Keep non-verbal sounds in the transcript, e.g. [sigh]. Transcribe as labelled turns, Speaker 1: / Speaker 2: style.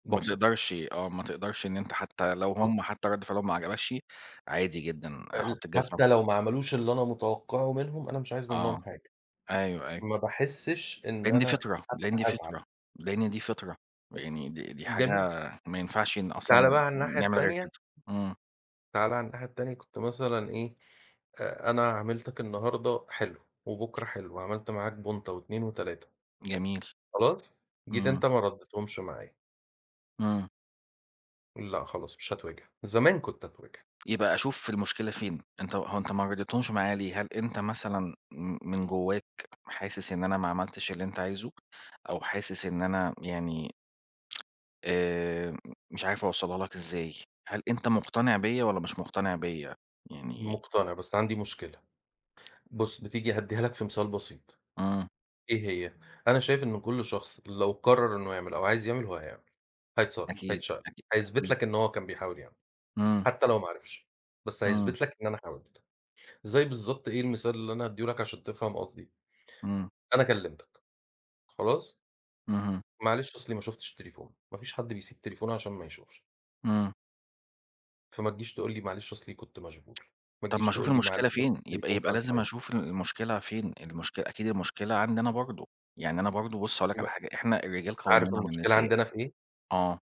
Speaker 1: ما
Speaker 2: بابسط
Speaker 1: تقدرش آه ما تقدرش إن أنت حتى لو هُم
Speaker 2: [unintelligible]
Speaker 1: حتى رد فعلهم ما عجبكش، عادي جدًا
Speaker 2: ال
Speaker 1: حط الجزمة في
Speaker 2: حتى
Speaker 1: بوق
Speaker 2: لو معملوش اللي أنا متوقعه منهم أنا مش عايز
Speaker 1: آه
Speaker 2: منهم حاجة.
Speaker 1: أيوه أيوه.
Speaker 2: ما باحسش إن
Speaker 1: لإن دي
Speaker 2: أنا
Speaker 1: فطرة
Speaker 2: حتى
Speaker 1: لإن دي
Speaker 2: هازعل.
Speaker 1: فطرة لإن دي فطرة. ويعني دي دي حاجة
Speaker 2: جميل.
Speaker 1: ما ينفعش إن
Speaker 2: تعالَ
Speaker 1: أصلًا
Speaker 2: بقى على الناحية
Speaker 1: نعمل غير
Speaker 2: التانية.
Speaker 1: كده. إمم.
Speaker 2: تعالَ على الناحية التانية. كنت مثلًا إيه آآ أنا عاملتك النهاردة حلو وبكرا حلو، عملت معاك بونطة و2 و3
Speaker 1: جميل.
Speaker 2: خلاص؟ جيت
Speaker 1: إمم.
Speaker 2: أنت ما ردتهمش معايا.
Speaker 1: إمم.
Speaker 2: لأ خلاص مش هتوجِع. زمان كنت أتوجِع.
Speaker 1: يبقى أشوف المشكلة فين، أنت هو أنت ما رضيتهمش معايا ليه؟ هل أنت مثلًا م من جواك حاسس إن أنا ما عملتش اللي أنت عايزه، أو حاسس إن أنا يعني آآ مش عارف أوصّلها لك إزاي هل أنت مُقتنع بيا والَّا مش مقتنع بيا؟ يعني
Speaker 2: مقتنع بس عندي مشكلة. بُص بتيجي هادّيها لك في مثال بسيط
Speaker 1: آه.
Speaker 2: إيه هي، أنا شايف إن كل شخص لو قرر إنه يعمل أو عايز يعمل هو هيعمل. هيتصرف،
Speaker 1: أكيد
Speaker 2: هيتشقلب،
Speaker 1: أكيد
Speaker 2: هيثبت
Speaker 1: أكيد.
Speaker 2: لك إن هو كان بيحاول يعمل
Speaker 1: إمم.
Speaker 2: حتى لو ما عرِفش. بس
Speaker 1: إمم.
Speaker 2: هيثبت لك إن أنا حاولت. زَي بالضبط إيه المثال اللي أنا أدّيه لك عشان تفهم قصدي.
Speaker 1: إمم.
Speaker 2: أنا كلمتك. خلاص؟
Speaker 1: اهم.
Speaker 2: معلش أصلي ما شوفتش التليفون ما فيش حد بيسيب تليفونه عشان ما يشوفش.
Speaker 1: إمم.
Speaker 2: فما تجيش تقول لي معلِش أصلي كنت مشغول. ما
Speaker 1: طَب ما
Speaker 2: تجيش
Speaker 1: أشوف
Speaker 2: تقول لي
Speaker 1: المشكلة
Speaker 2: معلش أصل
Speaker 1: فين يبقى
Speaker 2: التليفون
Speaker 1: يبقى
Speaker 2: كان
Speaker 1: لازم
Speaker 2: silent.
Speaker 1: أشوف المشكلة فين المشكل أكيد المشكلة عندي أنا برضو يعني أنا برضو بُص هاقول لك على
Speaker 2: ما
Speaker 1: حاجة إحنا الرجال
Speaker 2: عارف
Speaker 1: قوّامون على
Speaker 2: المشكلة
Speaker 1: النساء.
Speaker 2: عندنا في إيه؟
Speaker 1: آه.